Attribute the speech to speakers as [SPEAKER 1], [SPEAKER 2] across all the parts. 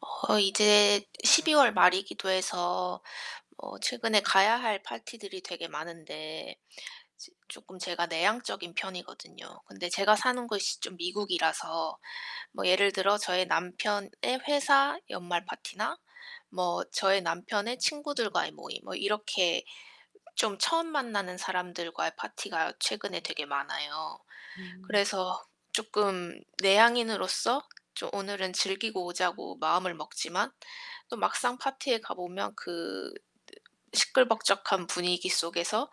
[SPEAKER 1] 어 이제 12 월 말이기도 해서 어 최근에 가야 할 파티들이 되게 많은데 지 쪼끔 제가 내향적인 편이거든요. 근데 제가 사는 곳이 좀 미국이라서 뭐 예를 들어 저희 남편의 회사 연말 파티나 뭐 저희 남편의 친구들과의 모임 뭐 이렇게 좀 처음 만나는 사람들과의 파티가 최근에 되게 많아요.
[SPEAKER 2] 음.
[SPEAKER 1] 그래서 쪼끔 내향인으로서 좀 오늘은 즐기고 오자고 마음을 먹지만 또 막상 파티에 가보면 그 시끌벅적한 분위기 속에서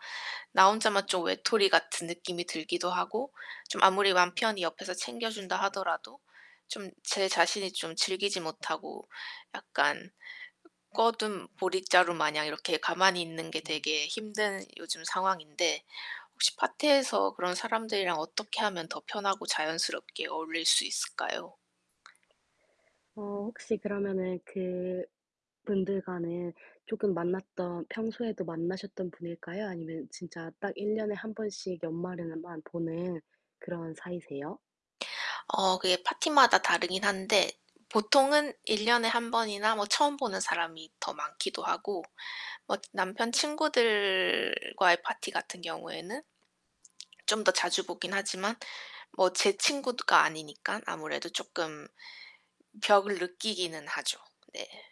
[SPEAKER 1] 나 혼자만 좀 외톨이 같은 느낌이 들기도 하고 좀 아무리 남편히 옆에서 챙겨준다 하더라도 좀 제 자신이 좀 즐기지 못하고 약간 꿔둔 보릿자루마냥 이렇게 가만히 있는 게
[SPEAKER 2] 음.
[SPEAKER 1] 되게 힘든 요즘 상황인데 혹시 파티에서 그런 사람들이랑 어떻게 하면 더 편하고 자연스럽게 어울릴 수 있을까요?
[SPEAKER 2] 어 혹시 그러면은 그분들과는 쪼금 만났던 평소에도 만나셨던 분일까요? 아니면 진짜 딱 1 년에 1 번씩 연말에만 보는 그런 사이세요?
[SPEAKER 1] 어 그게 파티마다 다르긴 한데 보통은 1 년에 1 번이나 뭐 처음 보는 사람이 더 많기도 하고 뭐 남편 친구들과의 파티 같은 경우에는 좀 더 자주 보긴 하지만 뭐 제 친구가 아니니깐 아무래도 쪼끔 벽을 느끼기는 하죠. 네.